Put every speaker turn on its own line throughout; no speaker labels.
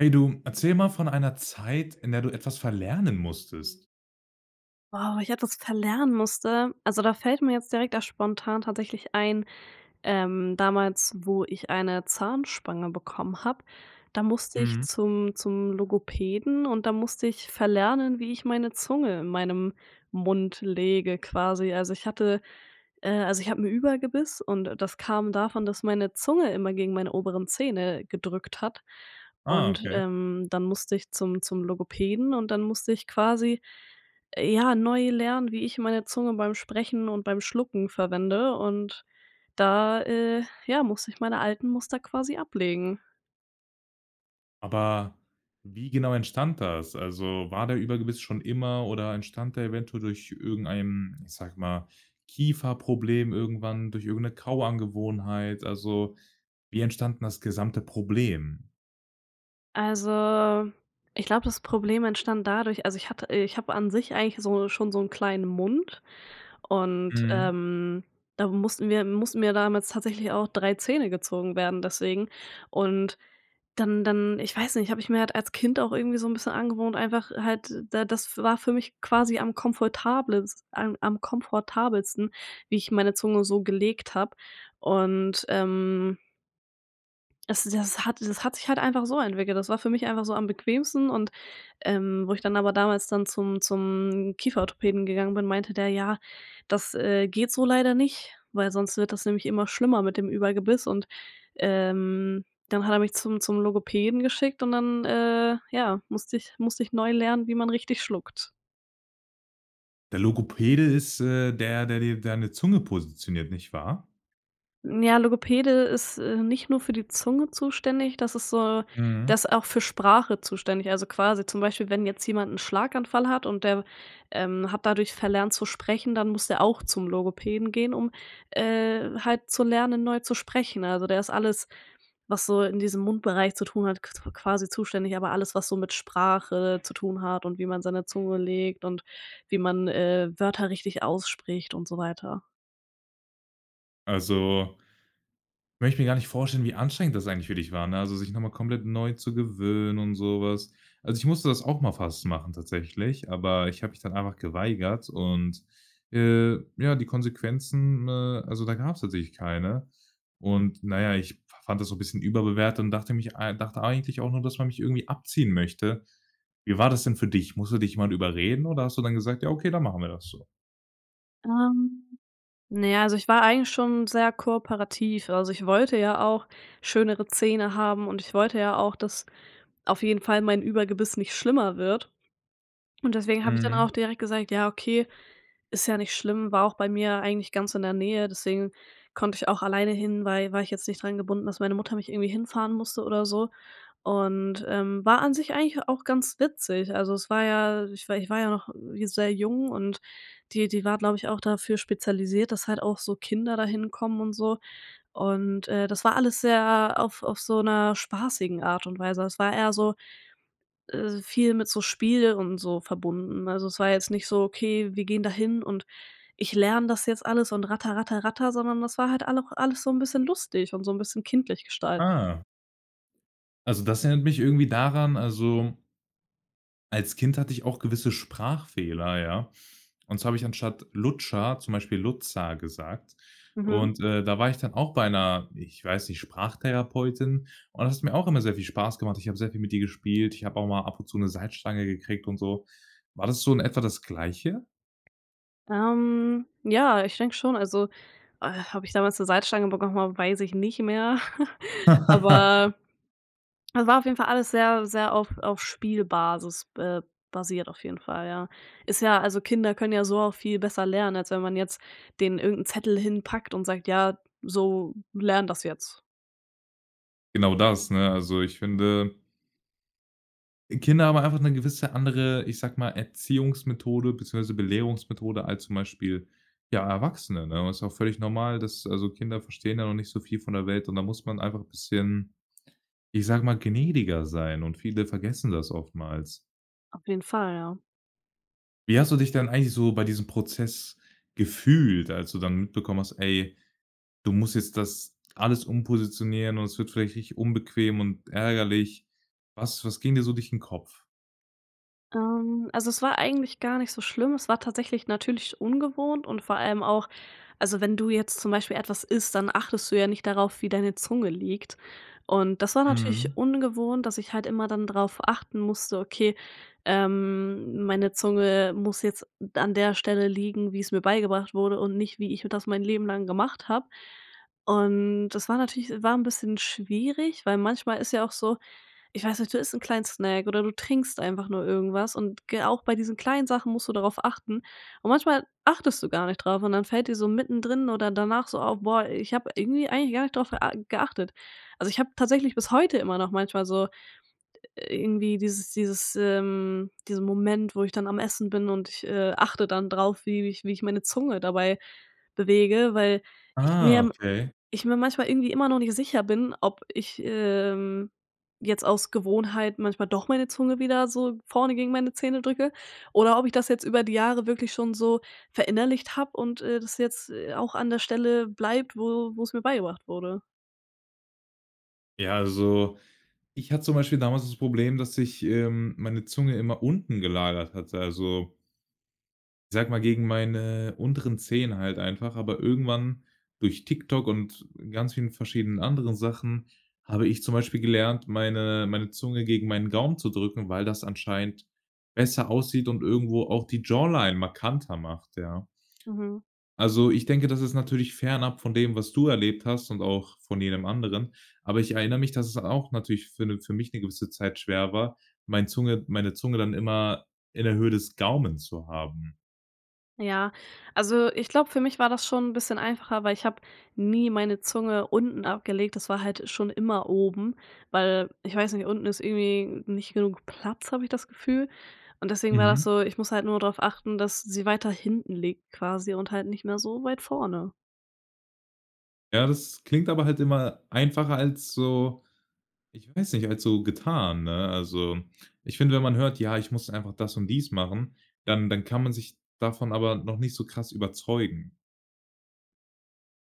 Hey du, erzähl mal von einer Zeit, in der du etwas verlernen musstest.
Wow, ich etwas verlernen musste. Also da fällt mir jetzt direkt da spontan tatsächlich ein, ähm, damals wo ich eine Zahnspange bekommen habe, da musste ich
Mhm.
zum zum Logopäden und da musste ich verlernen, wie ich meine Zunge in meinem Mund lege quasi. Also, ich hatte, äh also ich habe 'n Überbiss und das kam davon, dass meine Zunge immer gegen meine oberen Zähne gedrückt hat
Ah,
und,
okay.
ähm, dann musste ich zum zum Logopäden und dann musste ich quasi, äh, ja, neu lernen, wie ich meine Zunge beim Sprechen und beim Schlucken verwende und da, äh, ja musste ich meine alten Muster quasi ablegen.
Aber wie genau entstand das? Also war der Überbiss schon immer oder entstand der eventuell durch irgendeinen, ich sage mal, Kieferproblem irgendwann durch irgend 'ne Kauangewohnheit? Also wie entstand denn das gesamte Problem?
Also, ich glaube das Problem entstand dadurch also, ich hatte ich habe an sich eigentlich so schon so 'n kleinen Mund und,
Mhm.
ähm, da mussten mir mussten mir damals tatsächlich auch 3 Zähne gezogen werden deswegen und dann dann ich weiß nicht, habe ich mir halt als Kind auch irgendwie so 'n bisschen angewohnt, einfach halt da das war für mich quasi am komfortables a am komfortabelsten, wie ich meine Zunge so gelegt habe und, ähm es das hat das hat sich halt einfach so entwickelt. Das war für mich einfach so am bequemsten und, ähm, wo ich dann aber damals dann zum zum Kieferorthopäden gegangen bin, meinte der: „Ja, das, äh, geht so leider nicht, weil sonst wird das nämlich immer schlimmer mit dem Überbiss.“ Und, ähm, dann hat er mich zum zum Logopäden geschickt und dann, äh, ja musste ich musste ich neu lernen, wie man richtig schluckt.
Der Logopäde ist, äh, der, der dir deine Zunge positioniert, nicht wahr?
Ja, Logopäde ist, äh, nicht nur für die Zunge zuständig, das ist so
Mhm.
der ist auch für Sprache zuständig. Also, quasi zum Beispiel, wenn jetzt jemand 'n Schlaganfall hat und der, ähm, hat dadurch verlernt zu sprechen, dann muss der auch zum Logopäden gehen, um, äh, halt zu lernen, neu zu sprechen. Also, der ist alles, was so in diesem Mundbereich zu tun hat, qu quasi zuständig, aber alles, was so mit Sprache zu tun hat und wie man seine Zunge legt und wie man, äh, Wörter richtig ausspricht und so weiter.
Also möchte mir gar nicht vorstellen, wie anstrengend das eigentlich für dich war, ne, also sich noch mal komplett neu zu gewöhnen und so was. Also, ich musste das auch mal fast machen tatsächlich, aber ich habe mich dann einfach geweigert und, äh, ja, die Konsequenzen, äh, also da gab's tatsächlich keine. Und, na ja, ich fa fand das so 'n bisschen überbewertet und dachte mich ei dachte eigentlich auch noch, dass man mich irgendwie abziehen möchte. Wie war das denn für dich? Musste dich man überreden oder hast du dann gesagt: „Ja, okay, dann machen wir das so?“
Ähm, na ja, also ich war eigentlich schon sehr kooperativ, also ich wollte ja auch schönere Zähne haben und ich wollte ja auch, dass auf jeden Fall mein Überbiss nicht schlimmer wird und deswegen habe ich dann auch
Mhm.
direkt gesagt: „Ja okay.“ Ist ja nicht schlimm, war auch bei mir eigentlich ganz in der Nähe, deswegen konnte ich auch alleine hin, weil war ich jetzt nicht dran gebunden, dass meine Mutter mich irgendwie hinfahren musste oder so und, ähm, war an sich eigentlich auch ganz witzig. Also, es war ja ich war ich war ja noch sehr jung und die die war, glaube ich, auch dafür spezialisiert, dass halt auch so Kinder dahin kommen und so und, äh, das war alles sehr auf auf so 'ner spaßigen Art und Weise. Es war eher so, äh, viel mit so Spiel und so verbunden. Also, es war jetzt nicht so: „Okay, wir gehen dahin und ich lerne das jetzt alles und ratter, ratter, ratter.“ Sondern das war halt allau alles so 'n bisschen lustig und so 'n bisschen kindlich gestaltet.
Ah. Also, das erinnert mich irgendwie daran, also als Kind hatte ich auch gewisse Sprachfehler, ja? Und zwar habe ich anstatt Lutscher, zum Beispiel „Lutza“ gesagt.
Mhm.
Und, äh, da war ich dann auch bei 'ner- ich weiß nicht- Sprachtherapeutin. Und es mir auch immer sehr viel Spaß gemacht. Ich habe sehr viel mit ihr gespielt. Ich habe auch mal ab und zu 'ne Salzstange gekriegt und so. War das so in etwa das Gleiche?
Ähm ja, ich denke schon, also, äh habe ich damals 'ne Salzstange bekommen? Weiß ich nicht mehr, aber es war auf jeden Fall alles sehr sehr auf auf Spielbasis be basiert auf jeden Fall, ja. Ist ja also Kinder können ja so auch viel besser lernen, als wenn man jetzt den irgend 'n Zettel hinpackt und sagt: „Ja, so lern das jetzt.“
Genau das, ne? Also, ich finde Kinder haben einfach 'ne gewisse andere, ich sage mal, Erziehungsmethode beziehungsweise Belehrungsmethode als zum Beispiel, ja, Erwachsene, ne? Und das ist auch völlig normal, dass also Kinder verstehen ja noch nicht viel von der Welt und da muss man einfach 'n bisschen, ich sage mal, gnädiger sein und viele vergessen das oftmals.
Auf jeden Fall. Ja.
Wie hast du dich dann eigentlich so bei diesem Prozess gefühlt, als du dann mitbekommen hast: Ey, du musst jetzt das alles umpositionieren und es wird vielleicht richtig unbequem und ärgerlich. Was was ging dir so durch den Kopf?
Ähm, also es war eigentlich gar nicht so schlimm, es war tatsächlich natürlich ungewohnt und vor allem auch also wenn du jetzt zum Beispiel etwas isst, dann achtest du ja nicht darauf, wie deine Zunge liegt. Und das war natürlich
Mhm.
ungewohnt, dass ich halt immer dann drauf achten musste: „Okay, ähm, meine Zunge muss jetzt an der Stelle liegen, wie's mir beigebracht wurde und nicht, wie ich das mein Leben lang gemacht habe.“ Und das war natürlich war 'n bisschen schwierig, weil manchmal ist ja auch so ich weiß nicht, du isst 'n kleinen Snack oder du trinkst einfach nur irgendwas und, g äh, auch bei diesen kleinen Sachen musst du darauf achten und manchmal achtest du gar nicht drauf und dann fällt dir so mittendrin oder danach so auf: „Boah, ich habe irgendwie eigentlich gar nicht drauf, äh, a geachtet.“ Also, ich habe tatsächlich bis heute immer noch manchmal so irgendwie dieses dieses ähm, diesen Moment, wo ich dann am Essen bin und ich, äh, achte dann drauf, wie wie ich wie ich meine Zunge dabei bewege, weil ich
Ah,
mir
okay.
ich mir manchmal irgendwie immer noch nicht sicher bin, ob ich, ähm, jetzt aus Gewohnheit manchmal doch meine Zunge wieder so vorne gegen meine Zähne drücke oder ob ich das jetzt über die Jahre wirklich schon so verinnerlicht habe und, äh, das jetzt, äh, auch an der Stelle bleibt, wo wo's mir beigebracht wurde.
Ja, also ich hatte zum Beispiel damals das Problem, dass sich, ähm, meine Zunge immer unten gelagert hatte, also sage mal, gegen meine unteren Zähne halt einfach. Aber irgendwann durch TikTok und ganz vielen verschiedenen anderen Sachen habe ich zum Beispiel gelernt, meine meine Zunge gegen meinen Gaumen zu drücken, weil das anscheinend besser aussieht und irgendwo auch die Jawline markanter macht, ja.
Mhm.
Also, ich denke, das ist natürlich fernab von dem, was du erlebt hast, und auch von jedem anderen. Aber ich erinnere mich, dass es auch natürlich für 'ne für mich 'ne gewisse Zeit schwer war, mein Zunge meine Zunge dann immer in der Höhe des Gaumen zu haben.
Ja, also ich glaube für mich war das schon 'n bisschen einfacher, weil ich habe nie meine Zunge unten abgelegt, das war halt schon immer oben, weil ich weiß nicht, unten ist irgendwie nicht genug Platz, habe ich das Gefühl und deswegen war das
Mhm.
so ich muss halt nur darauf achten, dass sie weiter hinten liegt quasi und halt nicht mehr so weit vorne.
Ja, das klingt aber halt immer einfacher als so, ich weiß nicht, als so getan, ne? Also ich finde, wenn man hört: „Ja, ich muss einfach das und dies machen“, dann dann kann man sich davon aber noch nicht so krass überzeugen.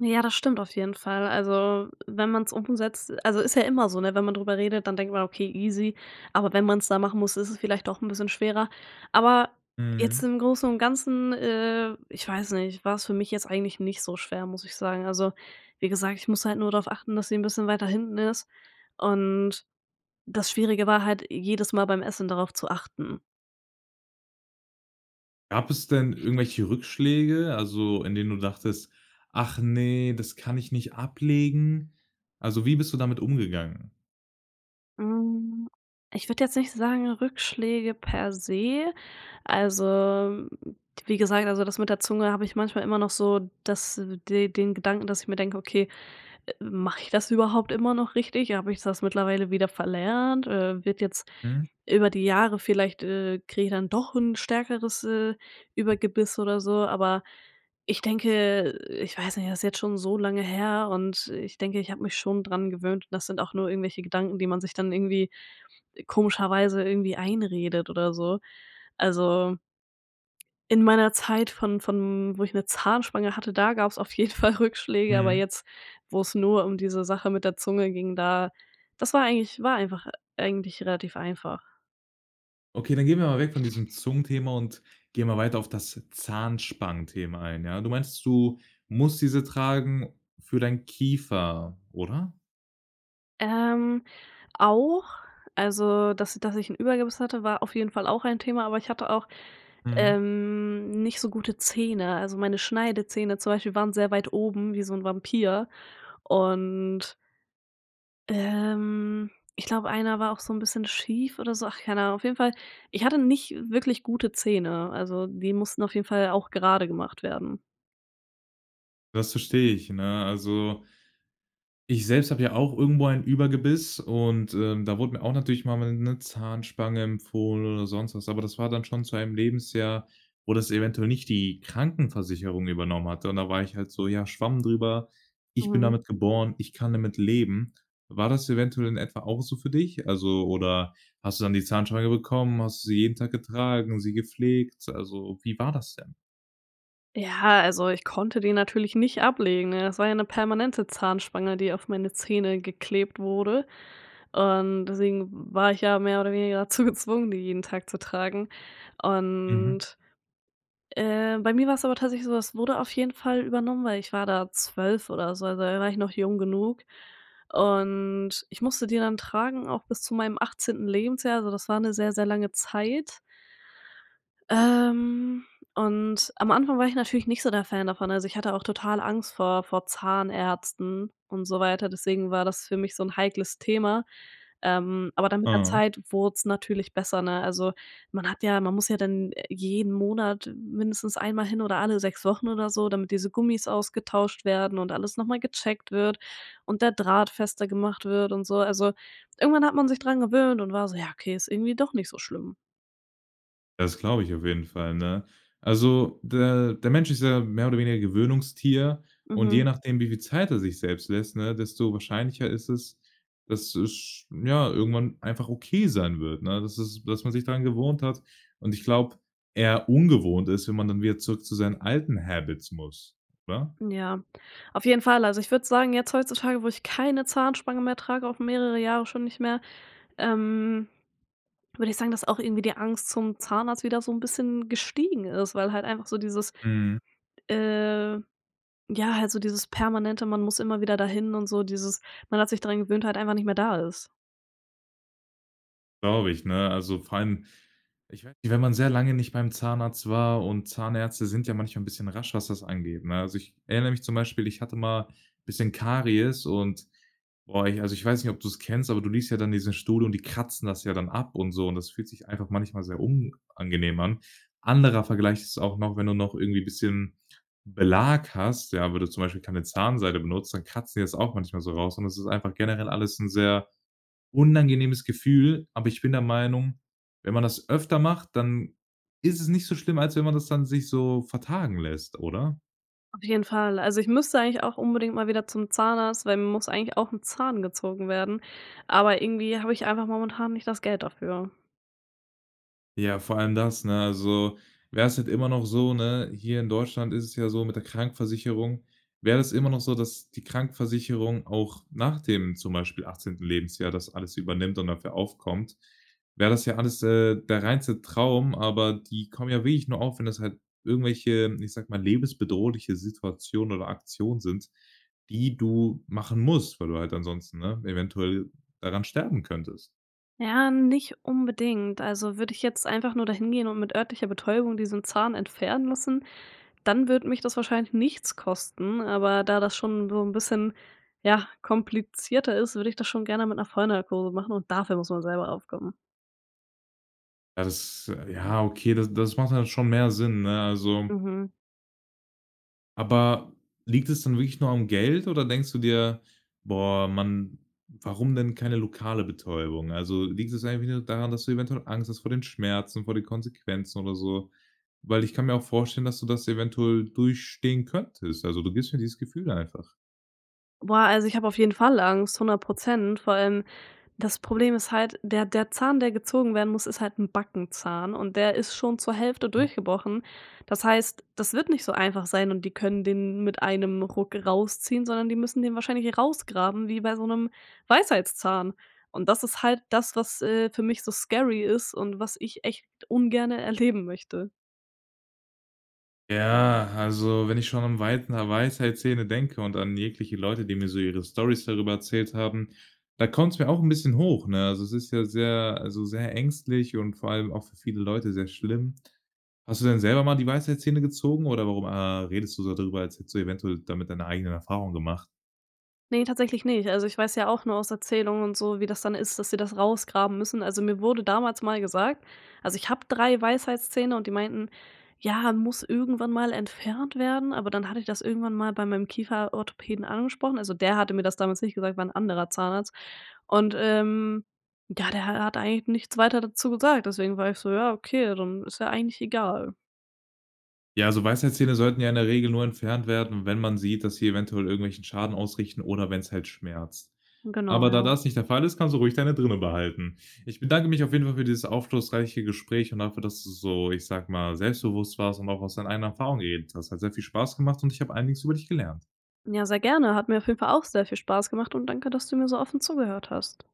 Ja, das stimmt auf jeden Fall. Also, wenn man's umsetzt also ist ja immer so, ne? Wenn man darüber redet, dann denkt man: „Okay easy“, aber wenn man's da machen muss, ist es vielleicht doch 'n bisschen schwerer, aber jetzt
Mhm.
im Großen und Ganzen äh, ich weiß nicht, war's für mich jetzt eigentlich nicht so schwer, muss ich sagen. Also wie gesagt, ich muss halt nur darauf achten, dass sie 'n bisschen weiter hinten ist und das Schwierige war halt jedes Mal beim Essen darauf zu achten.
Gab es denn irgendwelche Rückschläge, also in denen du dachtest: „Ach ne, das kann ich nicht ablegen?“ Also, wie bist du damit umgegangen?
Hm, ich würde jetzt nicht sagen Rückschläge per se, also wie gesagt also das mit der Zunge habe ich manchmal immer noch so das de den Gedanken, dass ich mir denke: „Okay, mache ich das überhaupt immer noch richtig? Habe ich das mittlerweile wieder verlernt, äh, wird jetzt
Mhm.
über die Jahre vielleicht, äh, kriege ich dann doch 'n stärkeres, äh, Übergebiss“ oder so, aber ich denke ich weiß nicht, das ist jetzt schon so lange her und ich denke, ich habe mich schon daran gewöhnt und das sind auch nur irgendwelche Gedanken, die man sich dann irgendwie komischerweise irgendwie einredet oder so. Also in meiner Zeit von von wo ich 'ne Zahnspange hatte, da gab's auf jeden Fall Rückschläge, aber
Mhm.
jetzt, wo's nur diese Sache mit der Zunge ging, da das war eigentlich war einfach eigentlich relativ einfach.
Okay, dann gehen wir mal weg von diesem Zungenthema und gehen mal weiter auf das Zahnspangenthema ein, ja? du meinst, du musst diese tragen für deinen Kiefer, oder?
Ähm. Auch, also, dass dass ich 'n Überbiss hatte, war auf jeden Fall auch ein Thema, aber ich hatte auch,
Mhm.
ähm, nicht so gute Zähne. Also, meine Schneidezähne zum Beispiel waren sehr weit oben wie so 'n Vampir und ähm. Ich glaube einer war auch so 'n bisschen schief oder so. Ach, keine Ahnung, auf jeden Fall. Ich hatte nicht wirklich gute Zähne. Also, die mussten auf jeden Fall auch gerade gemacht werden.
Das verstehe ich, ne? Also ich selbst habe ja auch irgendwo ein Überbiss und, ähm, da wurde mir auch natürlich mal 'ne Zahnspange empfohlen oder sonst was, aber das war dann schon zu einem Lebensjahr, wo das eventuell nicht die Krankenversicherung übernommen hatte. Und da war ich halt so: „Ja, Schwamm drüber. Ich bin
Mhm.
damit geboren. Ich kann damit leben.“ War das eventuell in etwa auch so für dich? Also oder hast du dann die Zahnspange bekommen? Hast du sie jeden Tag getragen, sie gepflegt? Also, wie war das denn?
Ja, also ich konnte den natürlich nicht ablegen ne? Es war ja 'ne permanente Zahnspange die auf meine Zähne geklebt wurde und deswegen war ich ja mehr oder weniger dazu gezwungen, die jeden Tag zu tragen.
Mhm.
Und äh, bei mir war's aber tatsächlich so, es wurde auf jeden Fall übernommen, weil ich war da 12 oder so, also da war ich noch jung genug und ich musste die dann tragen, auch bis zu meinem 18. Lebensjahr. Also das war 'ne sehr, sehr lange Zeit. Ähm, und am Anfang war ich natürlich nicht so der Fan davon. Also, ich hatte auch total Angst vor vor Zahnärzten und so weiter, deswegen war das für mich so 'n heikles Thema. Ähm, aber dann mit der
Aha.
Zeit wurd's natürlich besser, ne? Also, man hat ja man muss ja dann, äh, jeden Monat mindestens einmal hin oder alle 6 Wochen oder so, damit diese Gummis ausgetauscht werden und alles noch mal gecheckt wird und der Draht fester gemacht wird und so. Also, irgendwann hat man sich dran gewöhnt und war so: „Ja okay, ist irgendwie doch nicht so schlimm.“
Das glaube ich auf jeden Fall, ne? Also der der Mensch ist ja mehr oder weniger 'n Gewöhnungstier und je
Mhm.
nachdem, wie viel Zeit er sich selbst lässt, ne, desto wahrscheinlicher ist es, dass es sch ja, irgendwann einfach okay sein wird, ne, dass es dass man sich dran gewohnt hat. Und ich glaube, eher ungewohnt ist, wenn man dann wieder zurück zu seinen alten Habits muss, oder?
Ja, auf jeden Fall. Also, ich würde sagen jetzt heutzutage, wo ich keine Zahnspange mehr trage, auch mehrere Jahre schon nicht mehr ähm, würde ich sagen, dass auch irgendwie die Angst zum Zahnarzt wieder so 'n bisschen gestiegen ist, weil halt einfach so dieses,
Mhm.
äh ja halt so dieses permanente man muss immer wieder dahin und so dieses man hat sich dran gewöhnt halt einfach nicht mehr da ist.
Glaube ich, ne? Also, vor allem ich weiß nicht, wenn man sehr lange nicht beim Zahnarzt war und Zahnärzte sind ja manchmal 'n bisschen rasch, was das angeht, ne? Also, ich erinner mich zum Beispiel, ich hatte mal bisschen Karies und boah, ich also ich weiß nicht, ob du's kennst, aber du liegst ja dann in diesem Stuhl und die kratzen das ja dann ab und so. Und das fühlt sich einfach manchmal sehr unangenehm an. Anderer Vergleich ist auch noch, wenn du noch irgendwie bisschen Belag hast, ja, wenn du zum Beispiel keine Zahnseide benutzt, dann kratzen die das auch manchmal so raus. Und das ist einfach generell alles 'n sehr unangenehmes Gefühl, aber ich bin der Meinung, wenn man das öfter macht, dann ist es nicht so schlimm, als wenn man das dann sich so vertagen lässt, oder?
Auf jeden Fall, also ich müsste eigentlich auch unbedingt mal wieder zum Zahnarzt, weil mir muss eigentlich auch 'n Zahn gezogen werden, aber irgendwie habe ich einfach momentan nicht das Geld dafür.
Ja, vor allem das, ne? Also, wär's jetzt immer noch so, ne hier in Deutschland ist es ja so, mit der Krankenversicherung, wäre das immer noch so, dass die Krankenversicherung auch nach dem zum Beispiel 18. Lebensjahr das alles übernimmt und dafür aufkommt, wäre das ja alles, äh, der reinste Traum, aber die kommen ja wirklich nur auf, wenn das halt irgendwelche, ich sage mal, lebensbedrohliche Situationen oder Aktionen sind, die du machen musst, weil du halt ansonsten, ne, eventuell daran sterben könntest.
Ja nicht unbedingt also würde ich jetzt einfach nur dahin gehen und mit örtlicher Betäubung diesen Zahn entfernen lassen, dann würde mich das wahrscheinlich nichts kosten, aber da das schon so 'n bisschen, ja, komplizierter ist, würde ich das schon gerne mit 'ner Vollnarkose machen und dafür muss man selber aufkommen.
Ja, das ja okay, da das macht dann schon mehr Sinn, ne, also
Mhm.
Aber liegt es dann wirklich nur am Geld oder denkst du dir: „Boah, mann, warum denn keine lokale Betäubung?“ Also, liegt das eigentlich nur daran, dass du eventuell Angst hast vor den Schmerzen, vor den Konsequenzen oder so? Weil ich kann mir auch vorstellen, dass du das eventuell durchstehen könntest. Also, du gibst mir dieses Gefühl einfach.
Boah, also, ich habe auf jeden Fall Angst, 100 %. Vor allem das Problem ist halt der der Zahn der gezogen werden muss ist halt 'n Backenzahn und der ist schon zur Hälfte
Mhm.
durchgebrochen. Das heißt, das wird nicht so einfach sein und die können den mit einem Ruck rausziehen, sondern die müssen den wahrscheinlich rausgraben wie bei so 'nem Weisheitszahn. Und das ist halt das, was, äh, für mich so scary ist und was ich echt ungerne erleben möchte.
Ja, also, wenn ich schon an Weits Weisheitszähne denke und an jegliche Leute, die mir so ihre Storys darüber erzählt haben, da kommt's mir auch 'n bisschen hoch, ne? Also, es ist ja sehr also sehr ängstlich und vor allem auch für viele Leute sehr schlimm. Hast du denn selber mal die Weisheitszähne gezogen oder warum, ah, redest du so darüber, als hättest du eventuell damit deine eigenen Erfahrungen gemacht?
Ne, tatsächlich nicht. Also, ich weiß ja auch nur aus Erzählungen und so, wie das dann ist, dass sie das rausgraben müssen. Also, mir wurde damals mal gesagt also, ich habe 3 Weisheitszähne und die meinten: „Ja, muss irgendwann mal entfernt werden." Aber dann hatte ich das irgendwann mal bei meinem Kieferorthopäden angesprochen. Also, der hatte mir das damals nicht gesagt, war 'n anderer Zahnarzt. Und, ähm, ja der ha hat eigentlich nichts weiter dazu gesagt, deswegen war ich so: „Ja okay, dann ist ja eigentlich egal.“
Ja, so Weisheitszähne sollten ja in der Regel nur entfernt werden, wenn man sieht, dass sie eventuell irgendwelchen Schaden ausrichten oder wenn's halt schmerzt.
Genau,
Aber da
ja.
das nicht der Fall ist, kannst du ruhig deine drinne behalten. Ich bedanke mich auf jeden Fall für dieses aufschlussreiche Gespräch und dafür, dass du so, ich sag mal, selbstbewusst warst und auch aus deinen eigenen Erfahrungen geredet hast. Hat sehr viel Spaß gemacht und ich habe einiges über dich gelernt.
Ja, sehr gerne. Hat mir auf jeden Fall auch sehr viel Spaß gemacht und danke, dass du mir so offen zugehört hast.